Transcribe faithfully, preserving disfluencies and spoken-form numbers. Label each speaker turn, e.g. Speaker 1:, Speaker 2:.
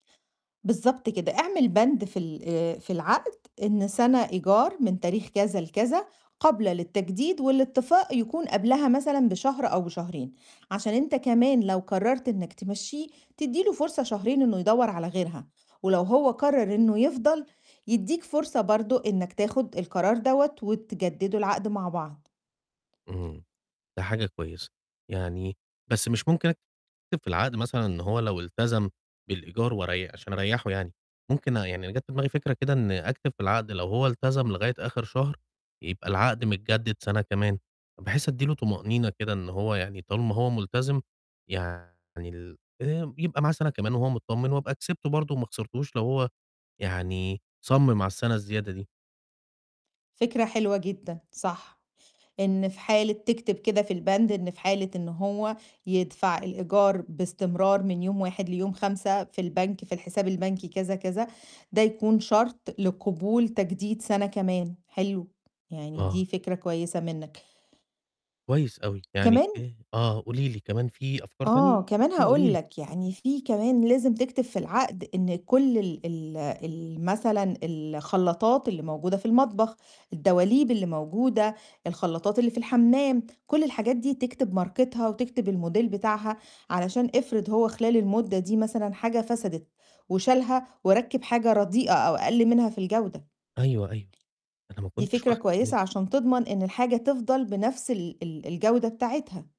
Speaker 1: بالضبط كده، اعمل بند في ال آآ في العَقْد إن سَنة إيجار من تاريخ كذا لكذا قابلة للتجديد والاتفاق يكون قبلها مثلًا بشهر أو بشهرين، عشان أنت كمان لو قرّرت إنّك تمشّيه، تدّي له فرصة شهرين إنه يدوّر على غيرها ولو هو قرّر إنه يفضل، يدّيك فرصة برضه إنّك تاخُد القرار دوّة وتجدِّدوا العَقْد مع بعض.
Speaker 2: إمم. ده حاجة كويسة، يعني بس مش ممكن أكتب في العَقْد مثلًا إن هو لو إلتزم بالإيجار وري عشان أريّحه يعني، ممكن يعني جات في دماغي فكرة كده إن أكتب في العَقْد لو هو إلتزم لغاية آخِر شهر يبقى العَقْد متجدِّد سَنة كمان، بحيث أدّي له طُمأنينة كده إن هو يعني طالما هو ملتزم يعني ال آآ يبقى معاه سَنة كمان وهو متطمن وأبقى كسبته برضه وما خسرتوش لو هو يعني صَمِّم على السَنة الزيادة دي.
Speaker 1: فكرة حلوة جدًا، صح، إن في حالة تكتب كده في البند إن في حالة إن هو يدفع الإيجار باستمرار من يوم واحد ليوم خمسة في البنك في الحساب البنكي كذا، كذا، ده يكون شرط لقبول تجديد سَنة كمان، حلو. يعني دي
Speaker 2: آه.
Speaker 1: فكرة كويسة مِنّك.
Speaker 2: كويس أوي، يعني
Speaker 1: كمان
Speaker 2: إيه آه، قُولي لي كمان في أفكار
Speaker 1: ...آه،
Speaker 2: تانية
Speaker 1: كمان
Speaker 2: قُولي
Speaker 1: هاقول
Speaker 2: لي؟
Speaker 1: لك، يعني في كمان لازم تكتب في العَقْد إن كل ال ال ال مثلًا الخلّاطات اللي موجودة في المطبخ، الدواليب اللي موجودة، الخلّاطات اللي في الحمّام، كل الحاجات دي تكتب ماركتها وتكتب الموديل بتاعها علشان افرض هو خلال المُدّة دي مثلًا حاجة فسدت وشالها وركّب حاجة رديئة أو أقل منها في الجودة.
Speaker 2: أيوه، أيوه، أنا ما
Speaker 1: دي
Speaker 2: كنتش
Speaker 1: فكرة
Speaker 2: واخِد بالي.
Speaker 1: كويسة عشان تضمن إن الحاجة تفضل بنَفْس ال ال الجودة بتاعتها.